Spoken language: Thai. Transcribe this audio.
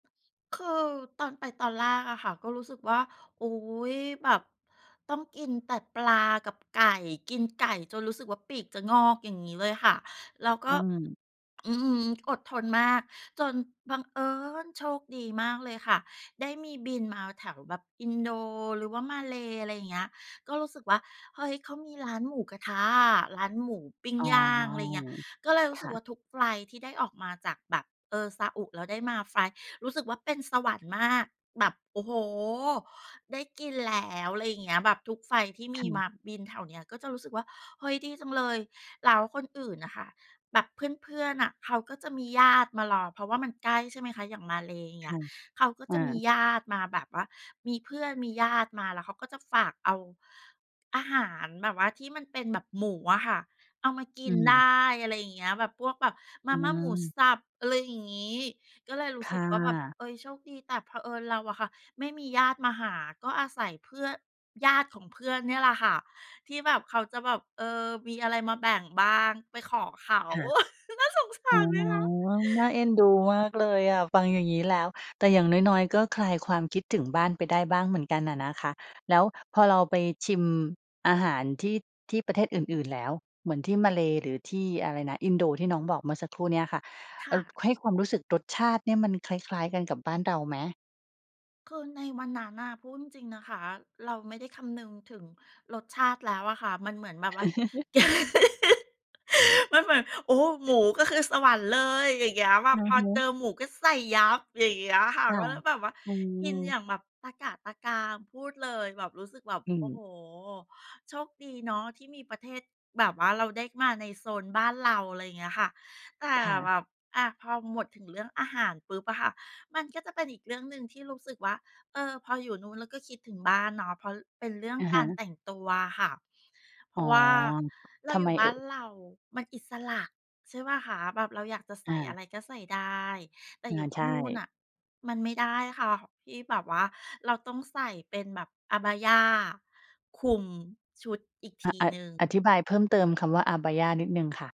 คือตอนไปตอนแรกอะค่ะ ก็รู้สึกว่า อุ๊ย แบบต้องกินแต่ปลากับไก่ กินไก่จนรู้สึกว่าปีกจะงอก อย่างงี้เลยค่ะ แล้วกอื็ ม อื้อฮือ อดทนมาก จนบังเอิญ โชคดีมากเลยค่ะ ได้มีบินมาแถวแบบอินโด หรือว่ามาเล อะไรอย่างเงี้ย ก็รู้สึกว่า เฮ้ย เขามีร้านหมูกระทะอะ ร้านหมู ปิ้งอ๋อ ย่าง อะไรอย่างเงี้ย ก็เลยรูค้สึ่กะ ว่าทุกไฟลต์ที่ได้ออกมาจากแบบ เออ ซาอุ แล้วได้มาไฟลต์ รู้สึกว่าเป็นสวรรค์มาก แบบ โอ้โฮ ได้กินแล้ว อะไรอย่างเงี้ย แบบทุกไฟลต์ที่มคี่มะ าบินแถวเนี้ย ก็จะรู้สึกว่า เฮ้ย ดีจังเลย แล้วคนอื่นน่ะค่ะ แบบเพื่อน ๆ อะ เขาก็จะมีญาติมารอ เพราะว่ามันใกล้ ใช่ไหมคะ อย่างมาเล อย่างเคงี้่ย ะ เขาก็อจะมีา ญาติมาแบบว่ามีเพื่อนมีญาติมา แล้วเขาก็จะฝากเอาอาหารแบบว่าที่มันเป็นแบบหมูอะค่ะ เอามากิอืนไดม ้ อะไรอย่างเงี้ย แบบพวกแบบมอาืม่าหมูม สับ อะไรอย่างงี้ ก็เลยรู้คสึ่กว่าแบบ ะ เอ๊ย โชคดี แต่เผอิญเราอะค่ะไม่มีญาติมาหา ก็อาศัย เพื่อ ญาติของเพื่อนเนี่ยแหละค่ะที่แบบเขาจะแบบ เออ มีอะไรมาแบ่งบ้าง ไปขอเขา ค่ะ น่าสงสอ๋าอ รไหมคะ? น่าเอ็นดูมากเลยอะฟังอย่างงี้แล้ว แต่อย่างน้อย ๆ ก็คลายความคิดถึงบ้านไปได้บ้างเหมือนกันอะนะคะ แล้วพอเราไปชิมอาหารที่ ที่ประเทศอื่น ๆ แล้ว เหมือนที่มาเลเซีย หรือที่อะไรนะ อินโด ที่น้องบอกเมื่อสักครู่นี้ค่ะ คเอ่่อ ะ ให้ความรู้สึกรสชาติเนี่ยมันคล้าย ๆ กันกับบ้านเราไหม? คือในวันนั้นน่ะ พูดจริง ๆ นะคะ เราไม่ได้คำนึงถึงรสชาติแล้วอะค่ะ มันเหมือนแบบว่า แก มันเหมือน โอ้โฮ หมูก็คือสวรรค์เลย อย่างเงี้ย แบอบืพออฮเจอึ หมูก็ใส่ยับ อย่างเงี้ยค่ะ ค่ะ ก็เลยแบบว่าอืกินอยม ่างแบบตะกละตะกราม พูดเลย แบบรู้สึกแบบ อืโอ้ม โฮ โชคดีเนาะที่มีประเทศ แบบว่าเราได้มาในโซนบ้านเรา อะไรอย่างเงี้ยค่ะ แต่ค่ะ แบบ อา พอหมดถึงเรื่องอาหารปุ๊บอะค่ะ มันก็จะเป็นอีกเรื่องหนึ่งที่รู้สึกว่า เออ พออยู่นู่นแล้วก็คิดถึงบ้านเนาะ เพราะเป็นเรื่องอะกฮาระ แต่งตัวค่ะ เพอร๋อ าะว่าเรทาำอยไูม่บเ้อา่นย? เรามันอิสระ ใช่เปล่าคะ แบบเราอยากจะใสอ่อะา ไรก็ใส่ได้ แต่อา อยู่ทใชี่นู่น่ น่ะมันไม่ได้ค่ะ ที่แบบว่าเราต้องใส่เป็นแบบ Abaya คลุมชุดอีกทอ ีอ หนึ่ง อธิบายเพิ่มเติมคำว่า Abaya นิดหนึ่งค่ะ